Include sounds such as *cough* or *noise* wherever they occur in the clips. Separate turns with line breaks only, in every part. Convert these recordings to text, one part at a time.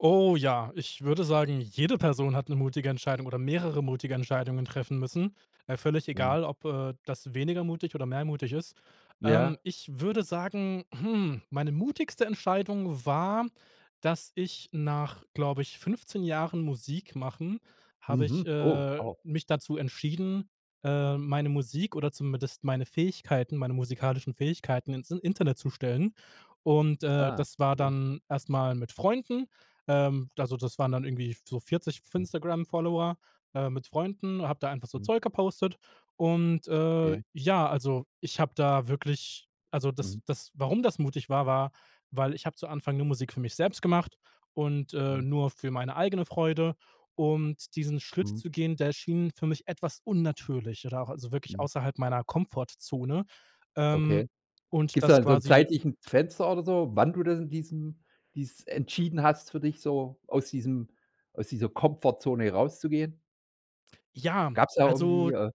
Oh ja, ich würde sagen, jede Person hat 'ne mutige Entscheidung oder mehrere mutige Entscheidungen treffen müssen. Äh, völlig
Mhm.
egal, ob, äh, das weniger mutig oder mehr mutig ist. Ähm,
Ja.
ich würde sagen, hm, meine mutigste Entscheidung war, dass ich nach, glaube ich, 15 Jahren Musik machen habe ich,
Mhm. Oh.
äh,
Wow.
mich dazu entschieden, ähm, meine Musik oder zumindest meine Fähigkeiten, meine musikalischen Fähigkeiten ins In Internet zu stellen. Und, äh,
Ah.
das war
Ja.
dann erst mal mit Freunden. Ähm, also, das waren dann irgendwie so 40 f
Mhm.
Instagram-Follower, äh, mit Freunden habe da einfach so
Mhm.
Zeug gepostet. Und, äh,
Ja.
ja, also, ich habe da wirklich also das
Mhm.
das warum das mutig war, war, weil ich habe zu Anfang nur Musik für mich selbst gemacht und, äh,
Mhm.
nur für meine eigene Freude. Und diesen Schritt
Mhm.
zu gehen, der schien für mich etwas unnatürlich oder auch also wirklich
Mhm.
außerhalb meiner Komfortzone, ähm,
Okay.
und
Gibt's da
das
'n so 'n
quasi
zeitlichen Fenster oder so, wann du da diesem dies entschieden hast für dich so, aus diesem aus dieser Komfortzone rauszugehen?
Ja,
Gab's da irgendwie,
also
äh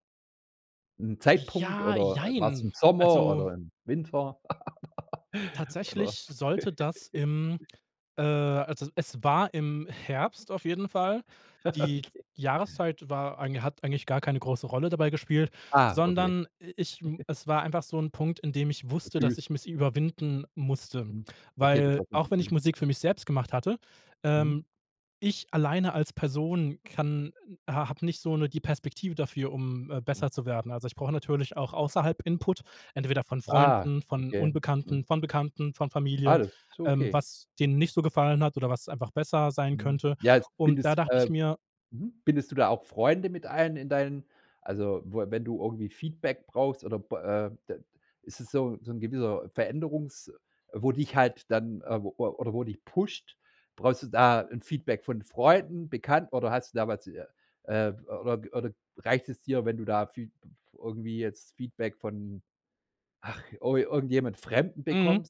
'n Zeitpunkt
Ja,
oder, äh, war's im
jein.
Sommer
Also
oder im Winter? *giggles*
tatsächlich
Oder
sollte das
*giggles*
im äh, also e es war im Herbst auf jeden Fall.
*giggles*
Die
Okay.
Jahreszeit war eigen hat eigentlich gar keine große Rolle dabei gespielt,
Ah, okay.
sondern i ich
*giggles*
es war einfach so 'n Punkt, an dem ich
*unintelligible*
wusste,
Gefühl.
dass ich mich überwinden musste,
Mhm. Okay, das
weil
war so 'n
auch wenn ich
Gefühl.
Musik für mich selbst gemacht hatte
Mhm.
ähm, ich alleine als Person kann ha hab nicht so 'ne die Perspektive dafür, um, äh,
Mhm.
besser zu werden. Also, ich brauche natürlich auch außerhalb Input, entweder von
Ah,
Freunden, von
okay. Mhm.
Unbekannten, von Bekannten, von Familie,
Alles so,
ähm,
okay.
was denen nicht so gefallen hat oder was einfach besser sein
Mhm.
könnte.
Ja,
Und da
bindest,
dachte
äh
ich mir
mhm, bindest du da auch Freunde mit ein in deinen also w wenn du irgendwie Feedback brauchst oder b äh, d ist es so so 'n gewisser Veränderungs wo dich halt dann äh, oder wo dich pusht, brauchst du da 'n Feedback von Freunden, Bekannten, oder hast du damals äh, oder oder reicht es dir, wenn du da Feedb irgendwie jetzt Feedback von, ach, ir irgendjemand Fremden
Mhm.
bekommst?